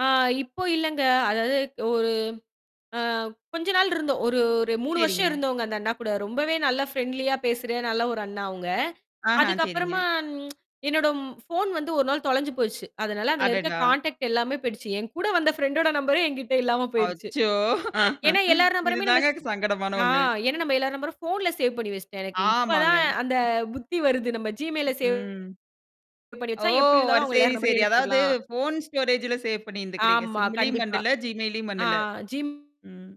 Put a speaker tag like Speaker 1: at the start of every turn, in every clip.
Speaker 1: ஆ இப்போ இல்லங்க. அதாவது ஒரு ஆ கொஞ்ச நாள் இருந்த ஒரு ஒரு 3 வருஷம்
Speaker 2: சரிங்க.
Speaker 1: இருந்தோங்க, அந்த அண்ணாகூட. ரொம்பவே நல்லா ஃப்ரண்ட்லியா பேசுற நல்லா ஒரு அண்ணா அவுங்க.
Speaker 2: ஆஹா!
Speaker 1: அதுக்கு அப்பறமா
Speaker 2: சரிங்க.
Speaker 1: என்னோட ஃபோன் வந்து ஒரு நாள் தொலைஞ்சு போச்சு. அதனால அதுல இருக்க
Speaker 2: அடடா!
Speaker 1: கான்டெக்ட் எல்லாமே போயிடுச்சு. என்கூட வந்த ஃபிரண்டோட நம்பரே என்கிட்ட இல்லாம போயிருச்சு.
Speaker 2: அச்சோ!
Speaker 1: ஏன்னா, எல்லார்
Speaker 2: இது
Speaker 1: நம்பரையுமே
Speaker 2: தாங்க
Speaker 1: நம்மஸ்
Speaker 2: சங்கடமான
Speaker 1: ஆ
Speaker 2: ஒண்ணு.
Speaker 1: ஏன்னா, நம்ம எல்லார் நம்பரும் ஃபோன்ல சேவ் பண்ணி வச்சிட்டேன். எனக்கு இப்ப
Speaker 2: ஆமாங்க.
Speaker 1: தான் அந்தப் புத்தி வருது. நம்ம Gmail ல சேவ்
Speaker 2: ம்.
Speaker 1: வச்சா
Speaker 2: ஓ!
Speaker 1: எப்பிடி இருந்தாலும்
Speaker 2: அது
Speaker 1: அவுங்க எல்லார்
Speaker 2: சரி,
Speaker 1: நம்பரையும்
Speaker 2: சரி. அதாவது
Speaker 1: எடுத்துர்லாம்.
Speaker 2: ஃபோன் ஸ்டோரேஜ்ல சேவ் பண்ணி இருந்துருக்கிறீங்க.
Speaker 1: ஆமா.
Speaker 2: SIMலயும்
Speaker 1: கண்டிப்பா.
Speaker 2: பண்ணல Gmail லயும்
Speaker 1: ஆ.
Speaker 2: பண்ணல.
Speaker 1: ஜிம்
Speaker 2: ம்.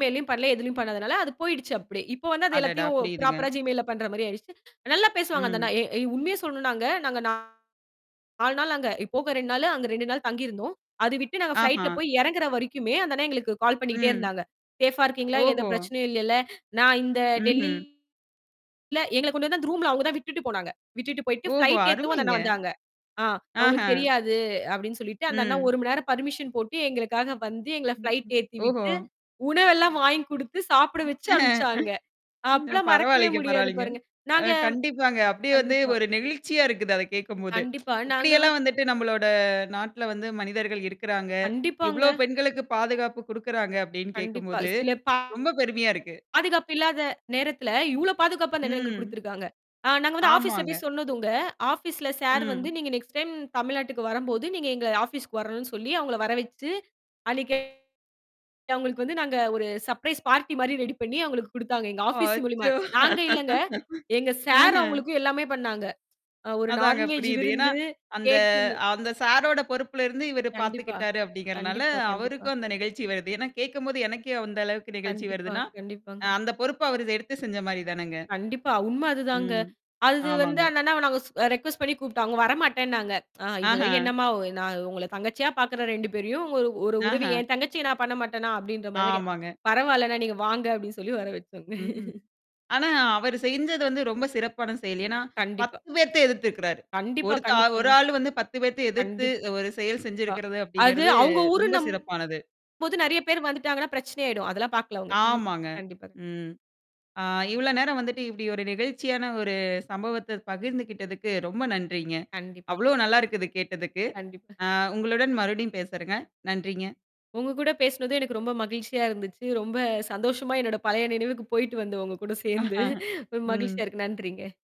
Speaker 1: Gmail லயும் பண்ணல. எதிலயும் பண்ணாதுனால அது போயிடுச்சு. அப்பிடி. இப்போ வந்து அது
Speaker 2: அடடா!
Speaker 1: எல்லாத்தையும்
Speaker 2: புரியுதுங்க.
Speaker 1: ப்ராப்பரா gmail பண்றமாரி ஆயிடுச்சு. நல்லா பேசுவாங்க அந்த அண்ணா,
Speaker 2: ம்.
Speaker 1: எ ஏ உண்மையச் சொல்லணுனாங்க. நாங்க நா 4 நாள் அங்க போக 2 நாளு அங்க 2 நாள் தங்கி இருந்தோம். அது விட்டு நாங்க ப்ளைட்ல
Speaker 2: ஆஹா!
Speaker 1: போய் இறங்கிற வரைக்குமே அந்த அண்ணா எங்களுக்குக் கால் பண்ணிக்கிட்டே
Speaker 2: ம்.
Speaker 1: இருந்தாங்க. சேஃப்பா இருக்கீங்களா?
Speaker 2: ஓஹோ!
Speaker 1: எந்தப் பிரச்சனையும் இல்ல. நான் இந்த டெல்லி
Speaker 2: ம்ஹ்ம்.
Speaker 1: இல்ல. எங்களக் கொண்டுவந்து அந்த ரூம்ல அவுங்க தான் விட்டுட்டு போனாங்க. விட்டுட்டு போயிட்டு
Speaker 2: ஓஹோ!
Speaker 1: ஃபிளைட் ஏத்தவும் அந்த
Speaker 2: அருமைங்க.
Speaker 1: அண்ணா வந்தாங்க. ஆ,
Speaker 2: ஆஹா!
Speaker 1: அவுங்களுக்கு தெரியாது அப்பிடின்னு சொல்லிட்டு அந்த அண்ணா
Speaker 2: ம்.
Speaker 1: ஒரு மணி நேரம் பர்மிசன் போட்டு எங்களுக்காக வந்து எங்கள
Speaker 2: ம்,
Speaker 1: ஃப்ளைட்
Speaker 2: ம்.
Speaker 1: ஏத்தி
Speaker 2: ஓஹோ!
Speaker 1: விட்டு உணவெல்லாம் வாங்கி கொடுத்து, சாப்பிட வச்சு
Speaker 2: ம்.
Speaker 1: அனுப்பிச்சாங்க. அப்பலாம் மறக்கவே
Speaker 2: பரவாயில்லங்க.
Speaker 1: முடியாது
Speaker 2: பரவாயில்லங்க.
Speaker 1: பாருங்க.
Speaker 2: அ
Speaker 1: நாங்க
Speaker 2: கண்டிப்பாங்க. அப்பிடியே வந்து
Speaker 1: கண்டிப்பா.
Speaker 2: ஒரு நெகிழ்ச்சியா இருக்குது, அத கேக்கும்போது
Speaker 1: கண்டிப்பா.
Speaker 2: இப்பிடி
Speaker 1: நாங்க வந்
Speaker 2: எல்லாம் வந்துட்டு நம்மளோட நாட்ல வந்து மனிதர்கள் இருக்கிறாங்க. இவ்ளோ
Speaker 1: கண்டிப்பாங்க.
Speaker 2: பெண்களுக்குப் பாதுகாப்பு குடுக்கிறாங்க அப்பிடின்னு
Speaker 1: கண்டிப்பா.
Speaker 2: கேக்கும்போது,
Speaker 1: சில பா
Speaker 2: ரொம்ப பெருமையா இருக்கு.
Speaker 1: பாதுகாப்பில்லாத நேரத்துல இவ்ளோ பாதுகாப்பு அந்த அண்ணன் எங்களுக்குக்
Speaker 2: ம்.
Speaker 1: குடுத்துருக்காங்க. ஆ நாங்க ஆபீஸ்ல
Speaker 2: ஆமாங்க.
Speaker 1: போய்ச் சொன்னதுங்க ஆபீஸ்ல சார் வந்து
Speaker 2: ம்.
Speaker 1: நீங்க நெக்ஸ்ட் டைம் தமிழ்நாட்டுக்கு வரும்போது நீங்க எங்க ஆபீஸ்க்கு வரணுன்னு சொல்லி அலுங்கள வர வச்சு அன்னக்கி அவுங்களுக்கு வந்து நாங்க ஒரு சர்ப்பிரைஸ் பார்ட்டி மாரி ரெடி பண்ணி அவுங்களுக்கு குடுத்தாங்க. எங்க ஆபீஸ் மூலியமா!
Speaker 2: அச்சோ
Speaker 1: நாங்க இல்லங்க. எங்க சார்
Speaker 2: ஆஹ.
Speaker 1: அவுங்களுக்கு எல்லாமே பண்ணாங்க. அ ஒரு
Speaker 2: அதாங்க
Speaker 1: நான்வெஜ்
Speaker 2: புரியுது. ஏன்னா,
Speaker 1: விருந்து,
Speaker 2: அந்த
Speaker 1: கேக்குன்னு
Speaker 2: அந்த சாரோட பொறுப்புல இருந்து இவரு
Speaker 1: கண்டிப்பா.
Speaker 2: பாத்துக்கிட்டாரு அப்பிடிங்கிறனால
Speaker 1: கண்டிப்பா. கண்டிப்பா.
Speaker 2: அவருக்கும் அந்த நெகிழ்ச்சி வருது. ஏன்னா, கேக்கும்போது எனக்கே அந்த அளவுக்கு நெகிழ்ச்சி
Speaker 1: கண்டிப்பா.
Speaker 2: வருதுன்னா, அ
Speaker 1: கண்டிப்பாங்க.
Speaker 2: அந்தப் பொறுப்ப அவரு எடுத்துச் செஞ்சமாரிதானங்க.
Speaker 1: கண்டிப்பா. உண்ம அதுதாங்க.
Speaker 2: ம்.
Speaker 1: அது வந்து
Speaker 2: ஆமாங்க.
Speaker 1: அந்த அண்ணாவ நாங்க அ ரெக்கொஸ்ட் பண்ணி கூப்பிட்டோம். அவுங்க வரமாட்டேனாங்க. ஆ
Speaker 2: ஆஹா!
Speaker 1: "இதுலாம் என்னம்மா! ஒ நான் உங்கள தங்கச்சியா பாக்குறேன் 2 பேரையும் உங்க ஒரு உதவி."
Speaker 2: ஆஹா!
Speaker 1: என் தங்கச்சிய நான் பண்ண மாட்டன்னா! அப்பிடின்ற மாரிக்க
Speaker 2: ஆமாங்க.
Speaker 1: பரவால்லண்ணா! நீங்க வாங்க அப்பிடி சொல்லி வர வச்சுக்கோங்க.
Speaker 2: ம்ஹ்ம். ஆனா அவரு செஞ்சது வந்து ரொம்ப சிறப்பான செயல். ஏன்னா
Speaker 1: கண்டிப்பா.
Speaker 2: 10 பேத்த எதிர்த்திருக்கிறாரு.
Speaker 1: கண்டிப்பா.
Speaker 2: ஒருத்த ஆ ஒரு
Speaker 1: கண்டிப்பாங்க.
Speaker 2: ஆளு 10 பேத்த எதிர்த்து
Speaker 1: கண்டிப்பா.
Speaker 2: ஒரு செயல் செஞ்சிருக்கிறது
Speaker 1: அது
Speaker 2: அப்பிடிங்கிறது
Speaker 1: அவுங்க
Speaker 2: ரொம்ப
Speaker 1: ஊருன்னும்போது
Speaker 2: சிறப்பானது.
Speaker 1: நிறைய பேர் வந்துட்டாங்கனா, பிரச்சனை ஆயிடும். அதெல்லாம் பாக்கல அவுங்க
Speaker 2: ஆமாங்க.
Speaker 1: கண்டிப்பா.
Speaker 2: ம். ஆ இவ்ளோ நேரம் வந்துட்டு இப்பிடி ஒரு நெகிழ்ச்சியான ஒரு சம்பவத்த பகிர்ந்துக்கிட்டதுக்கு ரொம்ப நன்றிங்க.
Speaker 1: கண்டிப்பா.
Speaker 2: அவ்ளோ நல்லா இருக்கிது கேட்டதுக்கு.
Speaker 1: கண்டிப்பா
Speaker 2: ஆ உங்களுடன் மறுபடியும் பேசறங்க. நன்றிங்க.
Speaker 1: உங்க கூடப் பேசுனது எனக்கு ரொம்ப மகிழ்ச்சியா இருந்துச்சு. ரொம்ப சந்தோஷமா என்னோட பழைய நினைவுக்குப் போயிட்டு வந்த உங்ககூடச் சேர்ந்து ரொம்ப
Speaker 2: ம்.
Speaker 1: மகிழ்ச்சியா இருக்கு. நன்றிங்க.